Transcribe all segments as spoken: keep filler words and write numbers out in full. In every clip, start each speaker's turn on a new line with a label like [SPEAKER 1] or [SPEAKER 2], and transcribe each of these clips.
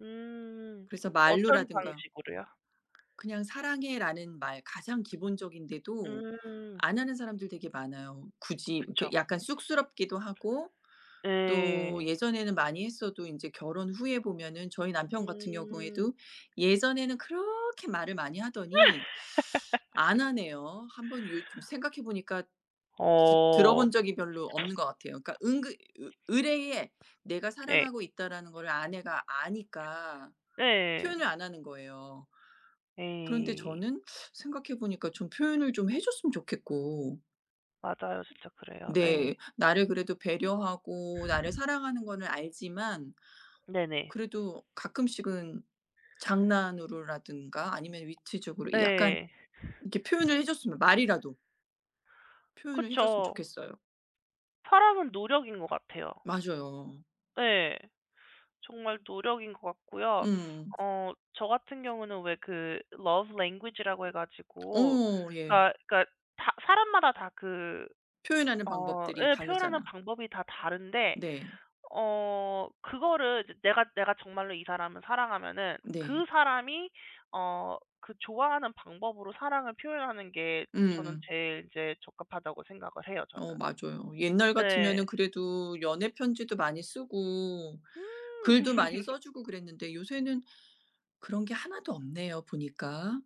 [SPEAKER 1] 음
[SPEAKER 2] 그래서
[SPEAKER 1] 어떤
[SPEAKER 2] 말로라든가
[SPEAKER 1] 방식으로요?
[SPEAKER 2] 그냥 "사랑해."라는 말 가장 기본적인데도
[SPEAKER 1] 음.
[SPEAKER 2] 안 하는 사람들 되게 많아요. 굳이 그
[SPEAKER 1] 그쵸.
[SPEAKER 2] 약간 쑥스럽기도 하고 또
[SPEAKER 1] 네.
[SPEAKER 2] 예전에는 많이 했어도 인제 결혼 후에 보면은 저희 남편 같은
[SPEAKER 1] 음.
[SPEAKER 2] 경우에도 예전에는 그렇게 말을 많이 하더니 안 하네요. 한 번 요즘 생각해 보니까 드
[SPEAKER 1] 어.
[SPEAKER 2] 들어본 적이 별로 없는 것 같아요. 그러니까 은근 으 으레에 내가
[SPEAKER 1] 네.
[SPEAKER 2] 사랑하고 있다라는 것을 아내가 아니까
[SPEAKER 1] 네.
[SPEAKER 2] 표현을 안 하는 거예요. 그런데
[SPEAKER 1] 네.
[SPEAKER 2] 저는 생각해 보니까 좀 표현을 좀 해줬으면 좋겠고
[SPEAKER 1] 맞아요. 진짜 그래요.
[SPEAKER 2] 네.
[SPEAKER 1] 네.
[SPEAKER 2] 나를 그래도 배려하고 나를 사랑하는 거는 알지만
[SPEAKER 1] 네네.
[SPEAKER 2] 그래도 가끔씩은 장난으로라든가 아니면 위트적으로 약간
[SPEAKER 1] 네.
[SPEAKER 2] 이렇게 표현을 해줬으면 말이라도 표현을 해줬으면
[SPEAKER 1] 그쵸.
[SPEAKER 2] 좋겠어요.
[SPEAKER 1] 사랑은 노력인 것 같아요.
[SPEAKER 2] 맞아요.
[SPEAKER 1] 네. 정말 노력인 것 같고요.
[SPEAKER 2] 음.
[SPEAKER 1] 어 저 같은 경우는 왜 그 Love Language 라고 해 가지고
[SPEAKER 2] 어 예.
[SPEAKER 1] 다 그러니까 사 사람마다 다 그
[SPEAKER 2] 표현하는
[SPEAKER 1] 어
[SPEAKER 2] 방법들이
[SPEAKER 1] 예 표현하는
[SPEAKER 2] 다르잖아.
[SPEAKER 1] 방법이 다 다른데
[SPEAKER 2] 네.
[SPEAKER 1] 어 그거를 이제 내가 내가 정말로 이 사람을 사랑하면은 그
[SPEAKER 2] 네.
[SPEAKER 1] 사람이 어 그 좋아하는 방법으로 사랑을 표현하는 게 저는
[SPEAKER 2] 음음.
[SPEAKER 1] 제일 이제 적합하다고 생각을 해요 저는.
[SPEAKER 2] 어 맞아요. 옛날
[SPEAKER 1] 네.
[SPEAKER 2] 같으면은 그래도 연애편지도 많이 쓰고
[SPEAKER 1] 음.
[SPEAKER 2] 글도 많이 써주고 그랬는데 요새는 그런 게 하나도 없네요, 보니까.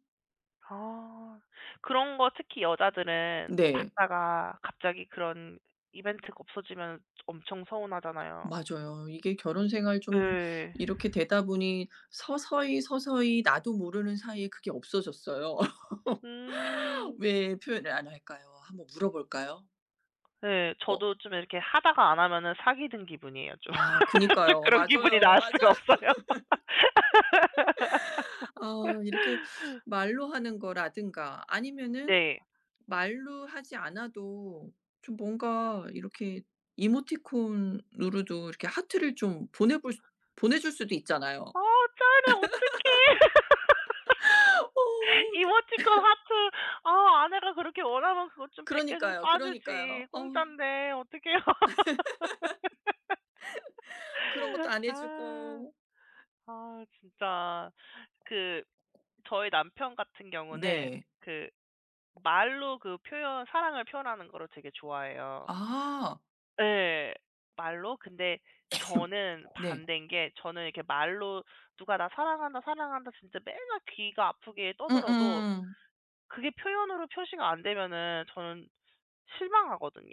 [SPEAKER 1] 아. 그런 거 특히 여자들은
[SPEAKER 2] 네.
[SPEAKER 1] 받다가 갑자기 그런 이벤트가 없어지면 엄청 서운하잖아요.
[SPEAKER 2] 맞아요. 이게 결혼 생활 좀
[SPEAKER 1] 네.
[SPEAKER 2] 이렇게 되다 보니 서서히, 서서히 나도 모르는 사이에 그게 없어졌어요.
[SPEAKER 1] 음.
[SPEAKER 2] 왜 표현을 안 할까요? 한번 물어볼까요?
[SPEAKER 1] 네.
[SPEAKER 2] 어.
[SPEAKER 1] 저도 좀 이렇게 하다가 안 하면은 사기든 기분이에요 좀.
[SPEAKER 2] 아 그니까요.
[SPEAKER 1] 그런 기분이
[SPEAKER 2] 맞아요,
[SPEAKER 1] 나을
[SPEAKER 2] 맞아요.
[SPEAKER 1] 수가 없어요.
[SPEAKER 2] 어 이렇게 말로 하는 거라든가 아니면은
[SPEAKER 1] 네.
[SPEAKER 2] 말로 하지 않아도 좀 뭔가 이렇게 이모티콘으로도 이렇게 하트를 좀 보내볼 수 보내줄 수도 있잖아요.
[SPEAKER 1] 아 짠해. 어떡해.
[SPEAKER 2] 어
[SPEAKER 1] 이모티콘
[SPEAKER 2] 그
[SPEAKER 1] 하트 아 아내가 그렇게 원하면 그것 좀 백 개 좀
[SPEAKER 2] 그러니까요, 그러니까요.
[SPEAKER 1] 쏴주지.
[SPEAKER 2] 어.
[SPEAKER 1] 공짠데. 어떡해요.
[SPEAKER 2] 그런 것도 안
[SPEAKER 1] 아.
[SPEAKER 2] 해주고.
[SPEAKER 1] 아 진짜 그 저희 남편 같은 경우는
[SPEAKER 2] 네.
[SPEAKER 1] 그 말로 그 표현 사랑을 표현하는 거를 되게 좋아해요.
[SPEAKER 2] 아.
[SPEAKER 1] 네. 말로. 근데 저는
[SPEAKER 2] 네.
[SPEAKER 1] 반대인 게 저는 이렇게 말로 누가 "나 사랑한다, 사랑한다." 진짜 맨날 귀가 아프게 떠들어도
[SPEAKER 2] 음음.
[SPEAKER 1] 그게 표현으로 표시가 안 되면은 저는 실망하거든요.